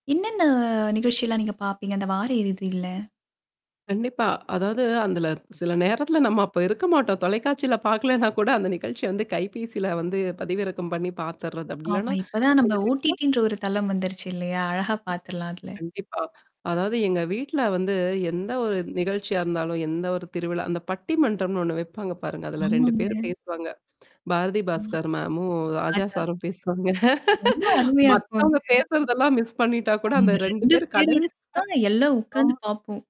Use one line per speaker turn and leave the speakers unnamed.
என்னென்ன நிகழ்ச்சியல்லாம் நீங்க பார்ப்பீங்க? அந்த வார இறுதியில?
கண்டிப்பா. அதாவது, அதுல சில நேரத்தல நம்ம அப்ப இருக்க மாட்டோம். தொலைக்காட்சில பார்கலேன்னா கூட, அந்த நிகழ்ச்சி வந்து கைபேசில வந்து பதிவிறக்கம் பண்ணீ பாத்துர்றது. அப்டி
ஆமா.
இல்லன்னா
இப்பதான் நம்ப
[unintelligible]
OTTன்ற ஒரு தளம் வந்துருச்சு இல்லையா? அழகா
ம்
பாத்துரலாம் அதுல.
கண்டிப்பா. அதாவது எங்க வீட்ல வந்து, எந்த ஒரு நிகழ்ச்சியா இருந்தாலும், எந்த ஒரு திருவிழா அந்த பட்டி மன்றம்னு ஒண்ணு வைப்பாங்க பாருங்க. அதுல 2
ஆமாங்க.
பேரு பேசுவாங்க. பாரதி
ம்.
பாஸ்கர் மேமும், ராஜா
ராஜா
சாரும் பேசுவாங்க.
ரொம்ப அருமையா
மத்தவங்க
இருக்கும்ங்க.
பேசுறதெல்லாம் மிஸ் பண்ணிட்டா கூட அந்த
அவங்க
2
2
பேரும்
பேரோடது
கடைசியா
தான் எல்லாம் உக்காந்து
அ
பாப்போம்.